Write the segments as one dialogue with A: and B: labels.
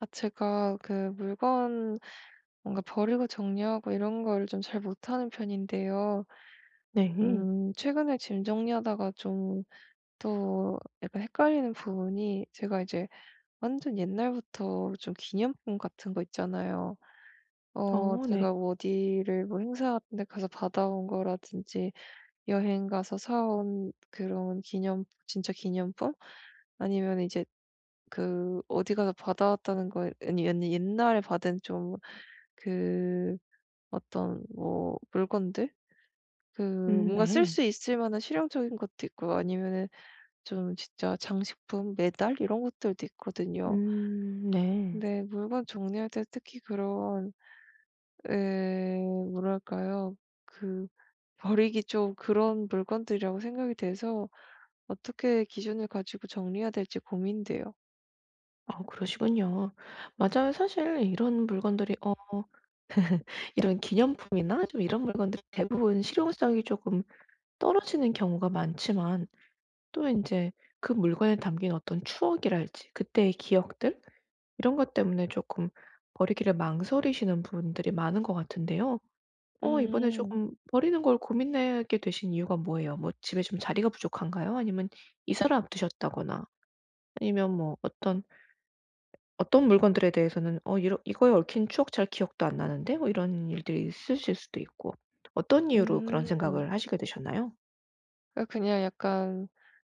A: 아 제가 그 물건 뭔가 버리고 정리하고 이런 걸 좀 잘 못하는 편인데요.
B: 네.
A: 음 최근에 짐 정리하다가 좀 또 약간 헷갈리는 부분이 제가 이제 완전 옛날부터 좀 기념품 같은 거 있잖아요. 어
B: 어, 네.
A: 제가 어디를 뭐 행사 같은 데 가서 받아 온 거라든지 여행 가서 사 온 그런 기념 진짜 기념품? 아니면 이제 그 어디 가서 받아 왔다는 거 아니 아니 옛날에 받은 좀 그 어떤 뭐 물건들? 그
B: 음
A: 뭔가 쓸
B: 네.
A: 수 있을 만한 실용적인 것도 있고 아니면은 좀 진짜 장식품 메달 이런 것들도 있거든요.
B: 음 네.
A: 근데 물건 정리할 때 특히 그런 예 뭐랄까요 그 버리기 좀 그런 물건들이라고 생각이 돼서 어떻게 기준을 가지고 정리해야 될지 고민돼요.
B: 아 그러시군요. 맞아요. 사실 이런 물건들이 어 이런 기념품이나 좀 이런 물건들이 대부분 실용성이 쪼금 떨어지는 경우가 많지만 또 인제 그 물건에 담긴 어떤 추억이랄지, 그때의 기억들 이런 것 때문에 쪼끔 버리기를 망설이시는 분들이 많은 것 같은데요. 어 이번에
A: 음.
B: 쪼금 버리는 걸 고민하게 되신 이유가 뭐예요? 뭐 집에 좀 자리가 부족한가요? 아니면 이사를 앞두셨다거나 아니면 뭐 어떤 ...어떤 물건들에 대해서는 어 이러 이거에 얽힌 추억 잘 기억도 안 나는데 뭐 이런 일들이 있으실 수도 있고. 어떤 이유로 그런
A: 음.
B: 생각을 하시게 되셨나요?
A: 아 그냥 약간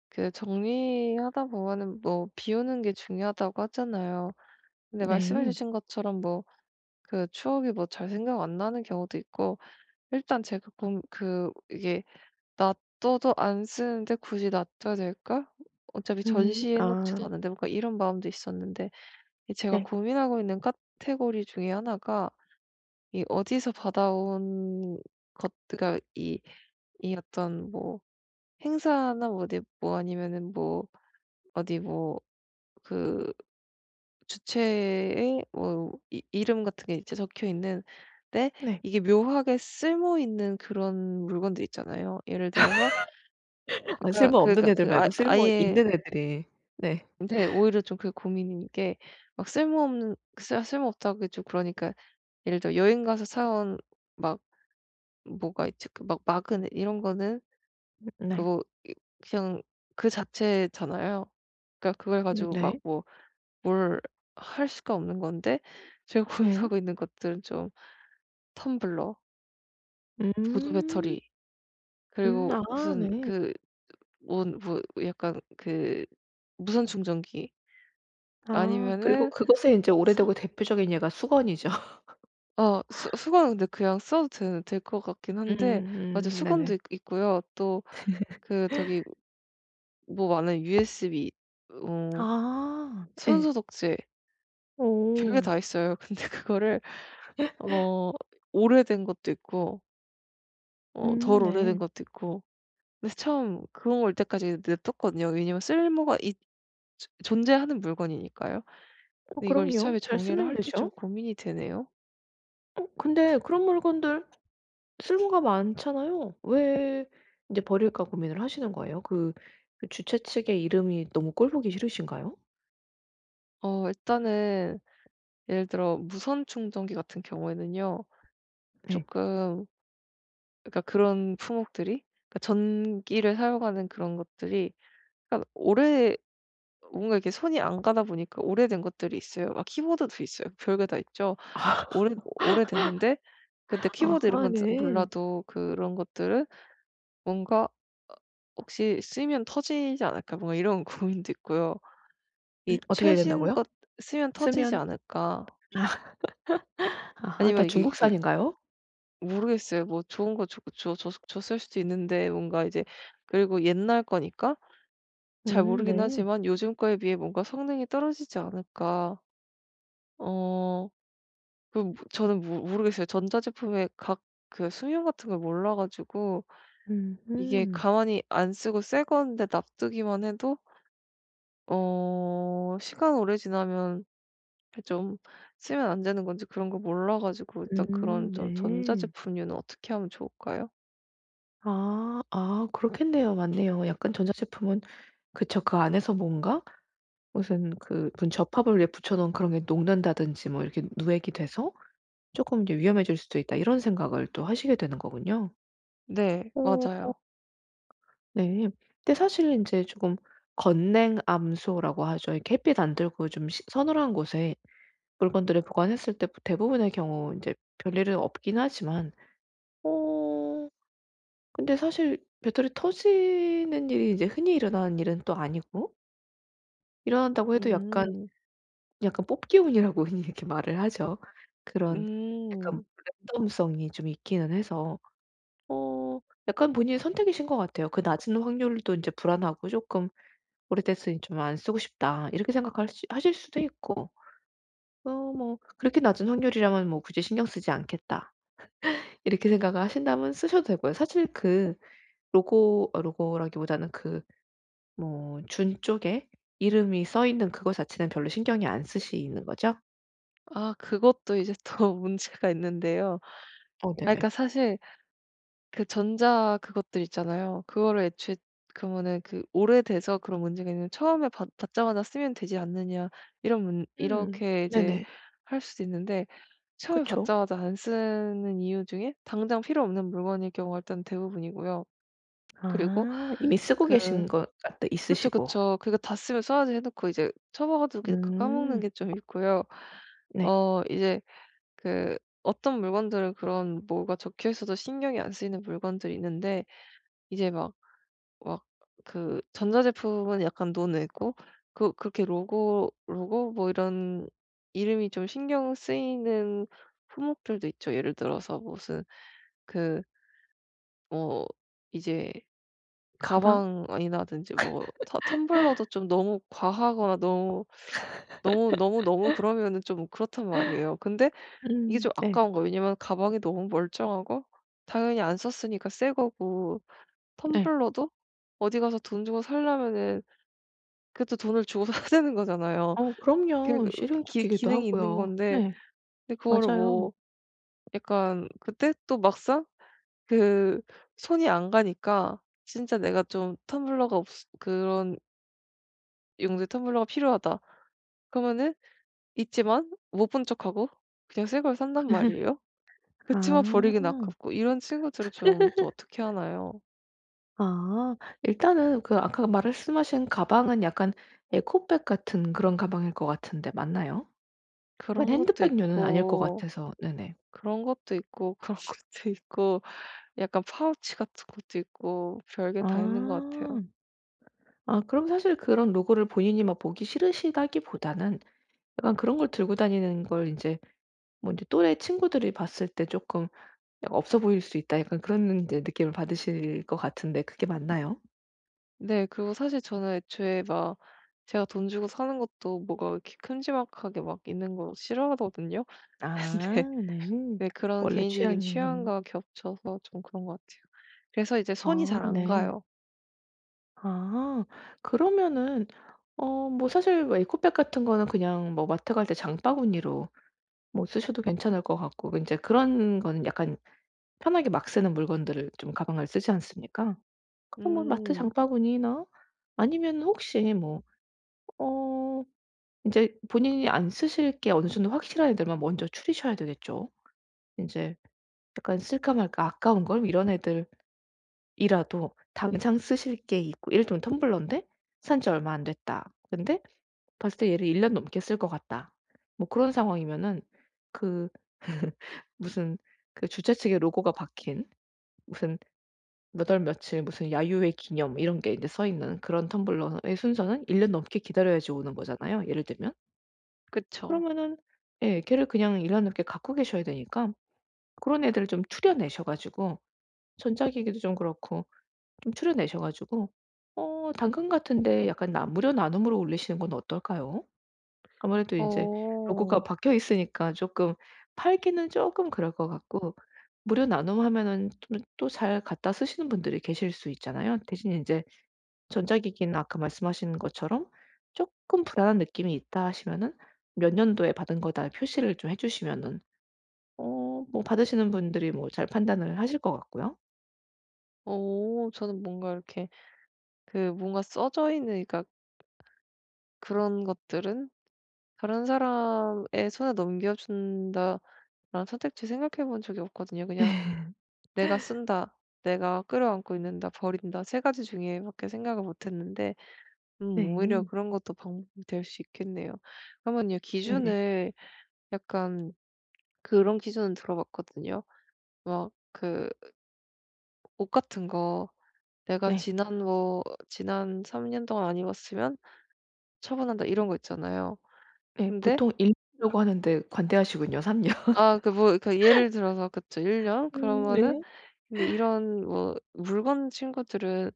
A: 그 정리하다 보면은 뭐 비우는 게 중요하다고 하잖아요. 근데
B: 네.
A: 말씀해주신 것처럼 뭐 그 추억이 뭐 잘 생각 안 나는 경우도 있고, 일단 제가 그럼 그 이게 '놔둬도 안 쓰는데 굳이 놔둬야 될까? 어차피
B: 음
A: 전시해
B: 아.
A: 놓지도 않은데.' 뭐 그니까 이런 마음도 있었는데 이 제가
B: 네.
A: 고민하고 있는 카테고리 중에 하나가 이 어디서 받아온 것 그니까 이 이 어떤 뭐 행사나 뭐 어디 뭐 아니면은 뭐 어디 뭐 그 주최에 뭐 이 이름 같은 게 이제 적혀 있는데
B: 네.
A: 이게 묘하게 쓸모있는 그런 물건들 있잖아요. 예를 들어서
B: 아
A: 그니까
B: 쓸모 없는
A: 그니까
B: 애들
A: 그 아
B: 말고 쓸모
A: 아예
B: 있는 애들이. 네.
A: 근데 오히려 좀 그게 고민인 게 막 쓸모없는 싹 쓸모없다고 하기 좀 그러니까 예를 들어 여행 가서 사 온 막 뭐가 있지? 그 막 마그넷 이런 거는
B: 네.
A: 그거 이 그냥 그 자체잖아요. 그니까 그걸 가지고 막
B: 네.
A: 뭐 뭘 할 수가 없는 건데 제가
B: 네.
A: 고민하고 있는 것들은 좀 텀블러 보조
B: 음.
A: 배터리
B: 음
A: 그리고
B: 아
A: 무슨
B: 네.
A: 그 뭔 뭐 약간 그 무선 충전기.
B: 아 그리고
A: 아니면은
B: 그것에 인제 오래되고
A: 서
B: 대표적인 예가 수건이죠.
A: 어 수 수건은 근데 그냥 써도 될 될 것 같긴
B: 음
A: 한데 맞아
B: 음
A: 수건도
B: 네네.
A: 있 있고요 또 그 저기 뭐 많아요 USB 어
B: 아 예.
A: 손소독제. 별게
B: 어.
A: 다 있어요. 근데 그거를 어 오래된 것도 있고 어
B: 음
A: 덜
B: 네.
A: 오래된 것도 있고 그래서 처음 그런 거 올 때까지 냅뒀거든요. 왜냐하면 쓸모가 있 존 존재하는 물건이니까요.
B: 어
A: 근데 이걸
B: 그럼요.
A: 이참에
B: 잘
A: 정리를
B: 쓰면
A: 할지 좀
B: 되죠.
A: 고민이 되네요.
B: 어 근데 그런 물건들 쓸모가 많잖아요? 왜 이제 버릴까 고민을 하시는 거에요? 그 그 주최 측의 이름이 너무 꼴 보기 싫으신가요?
A: 어 일단은 예를 들어 무선 충전기 같은 경우에는요
B: 네.
A: 쪼끔 그러니까 그런 품목들이 그니까 전기를 사용하는 그런 것들이 그니깐 오래 뭔가 이렇게 손이 안 가다 보니까 오래된 것들이 있어요. 막 키보드도 있어요. 별 게 다 있죠.
B: 아.
A: 오래 오래됐는데 근데 키보드 이런
B: 아하
A: 건 잘
B: 네.
A: 몰라도 그런 것들은 뭔가 '혹시 쓰면 터지지 않을까?' 뭐 이런 고민도 있고요.
B: 음
A: 이
B: 어떻게 해야
A: 최신
B: 된다고요?
A: 것 쓰면 터지지
B: 쓰면
A: 않을까?
B: 아 아하 다
A: 아니면 이게 이게
B: 중국산인가요?
A: 모르겠어요. 뭐 좋은 거 줘 줬 줬을 줬을 수도 있는데 뭔가 이제 그리고 옛날 거니까 잘
B: 음
A: 모르긴
B: 네.
A: 하지만 요즘 거에 비해 뭔가 성능이 떨어지지 않을까. 어 그 뭐 저는 모 모르겠어요. 전자제품의 각 그 수명 같은 걸 몰라 가지고 이게
B: 음흠.
A: 가만히 안 쓰고 새 건데 놔두기만 해도 어 시간 오래 지나면 그 좀 쓰면 안 되는 건지 그런 걸 몰라 가지고 일단 그런
B: 음.
A: 좀
B: 네.
A: 전자제품류는 어떻게 하면 좋을까요?
B: 아. 아 그렇겠네요. 맞네요. 약간 전자제품은 그쵸. 그 안에서 뭔가 무슨 그 '분 접합을 위에 붙여놓은 그런 게 녹는다든지 뭐 이렇게 누액이 돼서 쪼끔 이게 위험해질 수도 있다.' 이런 생각을 또 하시게 되는 거군요.
A: 네
B: 오.
A: 맞아요.
B: 네. 근데 사실 인제 쪼금 건냉암소라고 하죠. 이 햇빛 안 들고 좀 시 서늘한 곳에 물건들을 보관했을 때 대부분의 경우 이제 별일은 없긴 하지만 어 근데 사실 배터리 터지는 일이 이제 흔히 일어나는 일은 또 아니고 일어난다고 해도 약간
A: 음.
B: 약간 뽑기 운이라고 흔히 이렇게 말을 하죠. 그런 약간
A: 음.
B: 랜덤성이 좀 있기는 해서, 어 약간 본인의 선택이신 것 같아요. '그 낮은 확률도 인제 불안하고 쪼끔 오래됐으니 좀 안 쓰고 싶다.' 이렇게 생각하실 하실 수도 있고, 어 뭐 '그렇게 낮은 확률이라면 뭐 굳이 신경 쓰지 않겠다.' 이렇게 생각을 하신다면 쓰셔도 되고요. 사실 그 로고 로고라기보다는 그 뭐 준 쪽의 이름이 써 있는 그거 자체는 별로 신경이 안 쓰이시는 거죠?
A: 아 그것도 이제 또 문제가 있는데요.
B: 어
A: 아
B: 네네.
A: 그니까 사실 그 전자 그것들 있잖아요. 그거를 애초에 그러면은 그 오래돼서 그런 문제가 있는 처음에 받자마자 쓰면 되지 않느냐 이런 문
B: 음
A: 이렇게 이제
B: 네네.
A: 할 수도 있는데 처음에
B: 그쵸.
A: 받자마자 안 쓰는 이유 중에 당장 필요 없는 물건일 경우가 일단 대부분이고요. 그리고
B: 아, 이미 쓰고 계신
A: 그
B: 거 아 또
A: 그쵸,
B: 있으시고
A: 그쵸. 그거 다 쓰면 써야지 해 놓고 이제 처박아 두고 까먹는
B: 음.
A: 게 좀 있고요.
B: 네.
A: 어 이제 그 어떤 물건들은 그런 뭐가 적혀 있어도 신경이 안 쓰이는 물건들이 있는데 이제 막 막 그 전자제품은 약간 논외고 그 그렇게 로고 로고 뭐 이런 이름이 좀 신경 쓰이는 품목들도 있죠. 예를 들어서 무슨 그 뭐 이제
B: 가방?
A: 가방이라든지 뭐 터 텀블러도 좀 너무 과하거나 너무, 너무, 너무, 너무 그러면은 좀 그렇단 말이에요. 근데 이게
B: 음
A: 좀
B: 네.
A: 아까운 거예요. 왜냐면 가방이 너무 멀쩡하고 당연히 안 썼으니까 새 거고,
B: 네.
A: 텀블러도 어디 가서 돈 주고 사려면은 그것도 돈을 주고 사야 되는 거잖아요.
B: 어
A: 그
B: 그럼요.
A: 기
B: 실용적이기도
A: 기능이 있는
B: 하고요.
A: 건데
B: 네,
A: 근데 그거를
B: 맞아요.
A: 뭐 약간 그때 또 막상 그 손이 안 가니까 진짜 내가 좀 텀블러가 없어 그런 '용도의 텀블러가 필요하다.' 그러면은 있지만 못 본 척하고 그냥 새 걸 산단 말이에요. 그렇지만
B: 아.
A: 버리긴 아깝고 이런 친구들은 좀 또 어떻게 하나요?
B: 아 일단은 그 아까 말씀하신 가방은 약간 에코백 같은 그런 가방일 것 같은데 맞나요? 그건
A: 그런 것도
B: 핸드백 류는 아닐 것
A: 있고
B: 같아서. 네네.
A: 그런 것도 있고 그런 것도 있고 약간 파우치 같은 것도 있고 별 게 다 있는 것
B: 아.
A: 같아요.
B: 아 그럼 사실 그런 로고를 본인이 막 보기 싫으시다기보다는 약간 그런 걸 들고 다니는 걸 인제 뭐 인제 또래 친구들이 봤을 때 '쪼끔 없어 보일 수 있다.' 약간 그런 인제 느낌을 받으실 것 같은데 그게 맞나요?
A: 네, 그리고 사실 저는 애초에 막 제가 돈 주고 사는 것도 뭐가 이렇게 큼지막하게 막 있는 거 싫어하거든요. 근데
B: 아 네.
A: 네 그런
B: 원래
A: 개인적인
B: 취향이.
A: 취향과 겹쳐서 좀 그런 것 같아요. 그래서 이제 손이
B: 아,
A: 잘 안
B: 네.
A: 가요.
B: 아. 그러면은 어 뭐 사실 뭐 에코백 같은 거는 그냥 뭐 마트 갈 때 장바구니로 뭐 쓰셔도 괜찮을 것 같고 인제 그런 거는 약간 편하게 막 쓰는 물건들을 좀 가방을 쓰지 않습니까? 그거 뭐 마트
A: 음.
B: 장바구니나 아니면은 혹시 뭐 어 인제 본인이 안 쓰실 게 어느 정도 확실한 애들만 먼저 추리셔야 되겠죠. 인제 약간 '쓸까 말까. 아까운걸.' 이런 애들 이라도 당장 쓰실 게 있고 예를 들면 텀블러인데 '산 지 얼마 안 됐다.' 근데 봤을 때 얘를 '1 년 넘게 쓸 것 같다.' 뭐 그런 상황이면은 그 무슨 그 주최 측의 로고가 박힌 무슨 몇 월 며칠 무슨 야유회 기념 이런 게 인제 써 있는 그런 텀블러의 순서는 1 년 넘게 기다려야지 오는 거잖아요 예를 들면.
A: 그쵸.
B: 그러면은 예. 걔를 그냥 1 년 넘게 갖고 계셔야 되니까 고런 애들을 좀 추려내셔 가지고 전자기기도 좀 그렇고 좀 추려내셔 가지고 어 당근 같은 데 약간 나 무료 나눔으로 올리시는 건 어떨까요? 아무래도 이제 로고가
A: 어.
B: 박혀있으니까 쪼끔 팔기는 쪼끔 그럴 것 같고. 무료 나눔 하면은 좀 또 잘 갖다 쓰시는 분들이 계실 수 있잖아요. 대신에 인제 전자기기는 아까 말씀하신 것처럼 '쪼끔 불안한 느낌이 있다.' 하시면은 '몇 년도에 받은 거다.' 표시를 좀 해 주시면은 어 뭐 받으시는 분들이 뭐 잘 판단을 하실 것 같고요.
A: 어 저는 뭔가 이렇게 그 뭔가 써져 있는 그러니까 그런 것들은 '다른 사람의 손에 넘겨준다.'라는 선택지 생각해 본 적이 없거든요. 그냥 '내가 쓴다, 내가 끌어안고 있는다, 버린다.' 3 가지 중에 밖에 생각을 못 했는데 음 오히려
B: 네.
A: 그런 것도 방법이 될 수 있겠네요. 그러면요
B: 네네.
A: 기준을 약간 그런 기준은 들어봤거든요. 막 그 ...옷 같은 거 '내가
B: 네.
A: 지난 뭐 지난 3 년 동안 안 입었으면 처분한다.' 이런 거 있잖아요.
B: 네
A: 근데
B: 보통 1 년이라고 하는데 관대하시군요. 3 년.
A: 아 그 뭐 그 예를 들어서 그쵸 1 년
B: 음
A: 그러면은
B: 네.
A: 근데 이런 뭐 물건 친구들은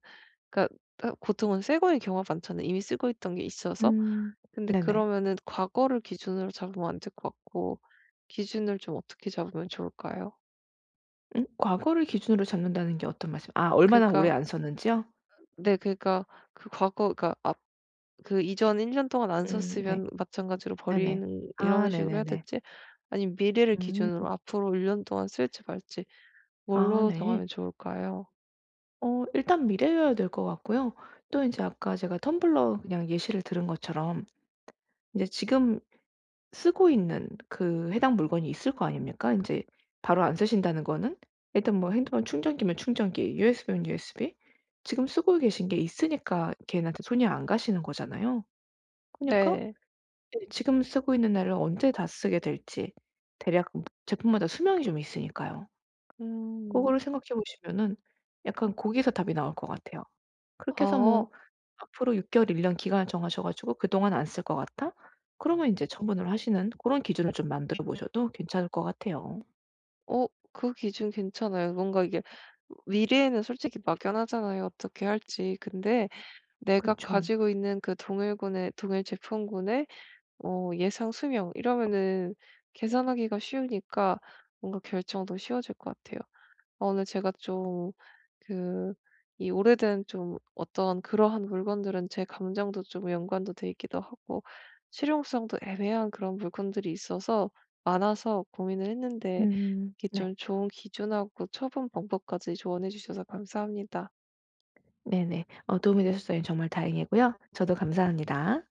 A: 그러니까 으 보통은 새거의 경우가 많잖아요, 이미 쓰고 있던 게 있어서.
B: 음 네네.
A: 근데 그러면은 과거를 기준으로 잡으면 안 될 것 같고 기준을 좀 어떻게 잡으면 좋을까요?
B: 음? 과거를 기준으로 잡는다는 게 어떤 말씀 아 얼마나 오래
A: 그니까
B: 안 썼는지요?
A: 네 그니까 그 과거 그니까 앞 그 이전 1 년 동안 안
B: 음 네.
A: 썼으면 마찬가지로
B: 네네.
A: 버리는
B: 아
A: 이런 식으로 해야
B: 네네네.
A: 될지 아니면 미래를 기준으로
B: 음.
A: 앞으로 1 년동안 쓸지 말지
B: 아
A: 뭘로
B: 네.
A: 정하면 좋을까요?
B: 어 일단 미래여야 될 것 같고요. 또 인제 아까 제가 텀블러 그냥 예시를 들은 것처럼 인제 지금 쓰고 있는 그 해당 물건이 있을 거 아닙니까? 인제 바로 안 쓰신다는 거는? 일단 뭐 핸드폰 충전기면 충전기, USB면 USB 지금 쓰고 계신 게 있으니까 걔네한테 손이 안 가시는 거잖아요. 그니까
A: 네.
B: 예, 지금 쓰고 있는 날을 언제 다 쓰게 될지 대략 제품마다 수명이 좀 있으니까요.
A: 음.
B: 그거를 생각해 보시면은 약간 거기서 답이 나올 것 같아요. 그렇게 해서 뭐
A: 아.
B: 앞으로 6 개월, 1 년 기간을 정하셔 가지고 그동안 안 쓸 것 같다? 그러면 이제 처분을 하시는 고런 기준을 좀 만들어 보셔도 괜찮을 것 같아요.
A: 어 그 기준 괜찮아요. 뭔가 이게 미래에는 솔직히 막연하잖아요, 어떻게 할지. 근데 내가
B: 그쵸.
A: 가지고 있는 그 동일군의 동일 제품군의 어 예상 수명 이러면은 계산하기가 쉬우니까 뭔가 결정도 쉬워질 것 같아요. 어 오늘 제가 좀 그 이 오래된 좀 어떤 그러한 물건들은 제 감정도 좀 연관도 돼 있기도 하고 실용성도 애매한 그런 물건들이 있어서 많아서 고민을 했는데
B: 음
A: 이렇게
B: 네.
A: 좀 좋은 기준하고 처분 방법까지 조언해 주셔서 감사합니다.
B: 네네. 어 도움이 되셨다니 정말 다행이고요. 저도 감사합니다.